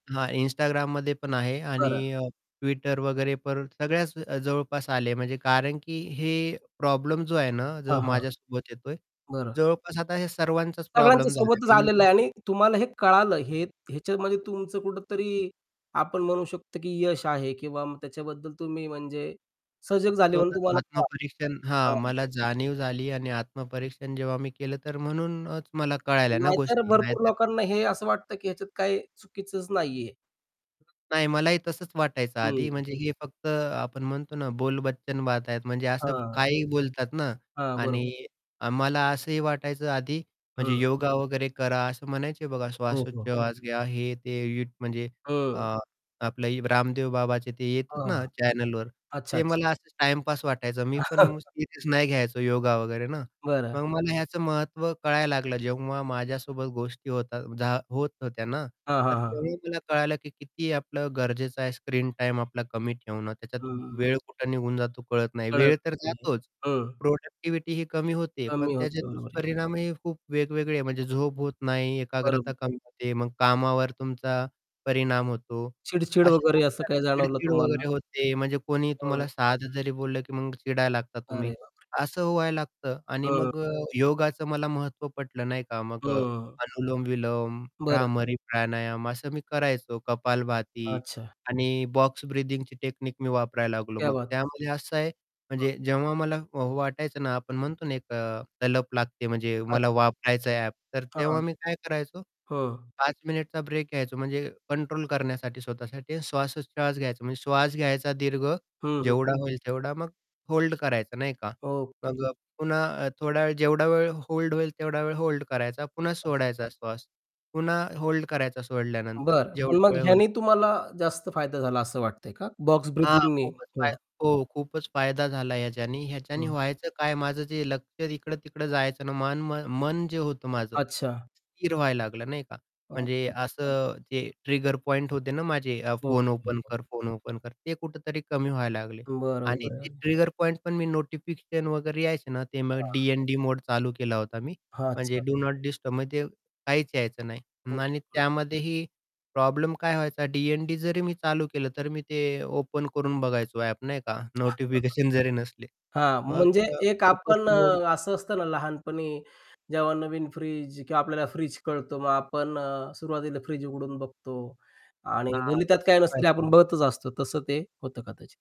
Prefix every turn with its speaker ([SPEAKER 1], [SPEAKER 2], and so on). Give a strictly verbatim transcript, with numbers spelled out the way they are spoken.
[SPEAKER 1] हां, Instagramमध्ये पण आहे
[SPEAKER 2] बरं.
[SPEAKER 1] आणि अ, Twitter वगैरे पण सगळ्याच जवळपास आले. म्हणजे कारण की हे प्रॉब्लेम जो आहे ना
[SPEAKER 2] हां,
[SPEAKER 1] जो
[SPEAKER 2] हां.
[SPEAKER 1] माझ्यासोबत येतोय.
[SPEAKER 2] बरं.
[SPEAKER 1] जवळपास आता हे सर्वांचाच
[SPEAKER 2] सगळ्यांच्या
[SPEAKER 1] प्रॉब्लेम झाला आहे
[SPEAKER 2] सोबतच
[SPEAKER 1] म्हणून.
[SPEAKER 2] आलेलं आहे आणि तुम्हाला हे कळालं. हे ह्याच्यामध्ये तुमचं कुठेतरी आपण म्हणू शकतो की यश आहे किंवा त्याच्याबद्दल तुम्ही म्हणजे सजग झाले म्हणून
[SPEAKER 1] स्वतःचं
[SPEAKER 2] तुम्हाला हां.
[SPEAKER 1] आत्मपरीक्षण हां,
[SPEAKER 2] [unintelligible]
[SPEAKER 1] मला जाणीव झाली आणि आत्मपरीक्षण जेव्हा मी केलं तर म्हणूनच मला कळायल्या ना
[SPEAKER 2] नाहीतर
[SPEAKER 1] गोष्टी नाही
[SPEAKER 2] भरपूर
[SPEAKER 1] तर
[SPEAKER 2] लोकांना हे असं वाटतं की ह्याच्यात काही चुकीचंच नाहीये.
[SPEAKER 1] नाही मलाही तसंच वाटायचं आधी,
[SPEAKER 2] हं.
[SPEAKER 1] म्हणजे हे फक्त आपण म्हणतो ना बोलबच्चन बाता आहेत म्हणजे असं
[SPEAKER 2] हां.
[SPEAKER 1] काहीही बोलतात ना
[SPEAKER 2] हां. बरोबर.
[SPEAKER 1] आणि मला असंही वाटायचं आधी म्हणजे
[SPEAKER 2] हं.
[SPEAKER 1] योगा वगैरे करा, असं म्हणायचे बघा
[SPEAKER 2] हो, हो.
[SPEAKER 1] श्वासोच्छवास घ्या हे ते युथ म्हणजे
[SPEAKER 2] हं.
[SPEAKER 1] अ, आपलं रामदेव बाबाचे ते येतात ना
[SPEAKER 2] हां.
[SPEAKER 1] चॅनलवर
[SPEAKER 2] अच्छा,
[SPEAKER 1] ते
[SPEAKER 2] अच्छा.
[SPEAKER 1] मला असंच टाईमपास वाटायचं. मी पण सिरियस नाही घ्यायचं योगा वगैरे ना,
[SPEAKER 2] बरं.
[SPEAKER 1] मग मला ह्याचं महत्त्व कळायला लागलं जेव्हा माझ्यासोबत गोष्टी होतात झा होत होत्या ना,
[SPEAKER 2] हां,
[SPEAKER 1] तर
[SPEAKER 2] हां, हां.
[SPEAKER 1] तेव्हा मला कळालं की किती आपलं गरजेचं आहे स्क्रीन टाईम आपला कमी ठेवणं, त्याच्यात
[SPEAKER 2] हं, हं, हं.
[SPEAKER 1] वेळ कुठं निघून जातो कळत नाही.
[SPEAKER 2] कळत
[SPEAKER 1] वेळ तर
[SPEAKER 2] नाही आहे.
[SPEAKER 1] जातोच
[SPEAKER 2] हं.
[SPEAKER 1] प्रोडक्टिव्हिटीही कमी होते.
[SPEAKER 2] कमी
[SPEAKER 1] पण त्याचे
[SPEAKER 2] होते. बरोबर आहे.
[SPEAKER 1] दुष्परिणामही खूप वेगवेगळे म्हणजे झोप होत नाही,
[SPEAKER 2] बरोबर.
[SPEAKER 1] एकाग्रता कमी होते, मग कामावर तुमचा परिणाम होतो,
[SPEAKER 2] चिडचिड
[SPEAKER 1] असे
[SPEAKER 2] वगैरे
[SPEAKER 1] खूप
[SPEAKER 2] असं
[SPEAKER 1] सारी
[SPEAKER 2] काही जाणवलं
[SPEAKER 1] चिडचिड
[SPEAKER 2] तुम्हाला?
[SPEAKER 1] वगैरे होते म्हणजे कोणी
[SPEAKER 2] हं.
[SPEAKER 1] तुम्हाला साधं जरी बोललं की मग चिडायला लागता
[SPEAKER 2] अरे
[SPEAKER 1] तुम्ही.
[SPEAKER 2] बापरे!
[SPEAKER 1] असं व्हायला लागतं आणि
[SPEAKER 2] हं.
[SPEAKER 1] मग अ, योगाचं मला महत्त्व पटलं नाही का? मग अ,
[SPEAKER 2] हं.
[SPEAKER 1] अनुलोम-विलोम,
[SPEAKER 2] बरं.
[SPEAKER 1] भ्रामरी प्राणायाम असं मी करायचो. कपालभाती
[SPEAKER 2] अच्छा.
[SPEAKER 1] आणि बॉक्स ब्रिदिंगची टेक्निक मी वापरायला लागलो
[SPEAKER 2] क्या
[SPEAKER 1] मग.
[SPEAKER 2] बात
[SPEAKER 1] त्यामध्ये असं आहे
[SPEAKER 2] [unintelligible]
[SPEAKER 1] म्हणजे जेव्हा मला वाटायचं ना, आपण म्हणतो ना एक तलप लागते, म्हणजे मला
[SPEAKER 2] अच्छा.
[SPEAKER 1] वापरायचं आहे ॲप, तर
[SPEAKER 2] हां.
[SPEAKER 1] तेव्हा मी काय करायचो
[SPEAKER 2] हं.
[SPEAKER 1] पाच मिनिटचा ब्रेक घ्यायचो म्हणजे कंट्रोल करण्यासाठी स्वतःसाठी आणि श्वासोच्छवास घ्यायचा, म्हणजे श्वास घ्यायचा दीर्घ,
[SPEAKER 2] हं, हं.
[SPEAKER 1] जेवढा होईल तेवढा मग होल्ड करायचा नाही का?
[SPEAKER 2] ओके.
[SPEAKER 1] मग अ, पुन्हा थोडा वेळ, जेवढा वेळ होल्ड होईल, तेवढा वेळ होल्ड करायचा. पुन्हा
[SPEAKER 2] अच्छा.
[SPEAKER 1] सोडायचा श्वास, पुन्हा होल्ड करायचा सोडल्यानंतर
[SPEAKER 2] बरं. पण मग
[SPEAKER 1] जेवढा वेळ होईल.
[SPEAKER 2] ह्याने तुम्हाला जास्त फायदा झाला असं वाटतंय का? बॉक्स
[SPEAKER 1] हां.
[SPEAKER 2] ब्रीथिंगनी?
[SPEAKER 1] खूपच फाय
[SPEAKER 2] हं.
[SPEAKER 1] हो खूपच फायदा झाला ह्याच्यानी. ह्याच्याने
[SPEAKER 2] हं.
[SPEAKER 1] व्हायचं काय माझं जे लक्ष इकडं-तिकडं जायचं ना, मन मन जे होतं माझं.
[SPEAKER 2] अच्छा.
[SPEAKER 1] स्थिर व्हायला लागलं नाही का?
[SPEAKER 2] अच्छा,
[SPEAKER 1] म्हणजे
[SPEAKER 2] अच्छा, अच्छा.
[SPEAKER 1] असं जे ट्रिगर पॉइंट होते ना माझे. अ,
[SPEAKER 2] हो.
[SPEAKER 1] फोन ओपन
[SPEAKER 2] [unintelligible]
[SPEAKER 1] कर, फोन ओपन कर. ते कुठेतरी कमी व्हायला लागले
[SPEAKER 2] बरं,
[SPEAKER 1] आणि ते
[SPEAKER 2] बरं.
[SPEAKER 1] ट्रिगर पॉइंट पण मी नोटिफिकेशन वगैरे यायचे ना, ते मग
[SPEAKER 2] हां.
[SPEAKER 1] डी-एन-डी मोड चालू केला होता मी,
[SPEAKER 2] हां.
[SPEAKER 1] म्हणजे
[SPEAKER 2] अच्छा, [unintelligible]
[SPEAKER 1] डू नॉट डिस्टर्ब म्हणजे ते काहीच यायचं नाही आणि
[SPEAKER 2] [unintelligible]
[SPEAKER 1] त्यामध्येही प्रॉब्लेम काय व्हायचा डी-एन-डी जरी मी चालू केलं, तर मी ते ओपन करून बघायचो ॲप नाही का? नोटिफिकेशन जरी नसले.
[SPEAKER 2] हां,
[SPEAKER 1] मग
[SPEAKER 2] म्हणजे
[SPEAKER 1] अ,
[SPEAKER 2] एक
[SPEAKER 1] खूपच
[SPEAKER 2] आपण
[SPEAKER 1] [unintelligible]
[SPEAKER 2] अ, असं असतं ना लहानपणी, जेव्हा नवीन फ्रिज किंवा आपल्याला फ्रिज कळतो, मग आपण अ, सुरुवातीला फ्रिज उघडून बघतो आणि
[SPEAKER 1] हां.
[SPEAKER 2] भले त्यात काय
[SPEAKER 1] तसंच
[SPEAKER 2] नसेल ते आपण
[SPEAKER 1] व्हायचं.
[SPEAKER 2] बघतच असतो तसं ते होतं कदाचित.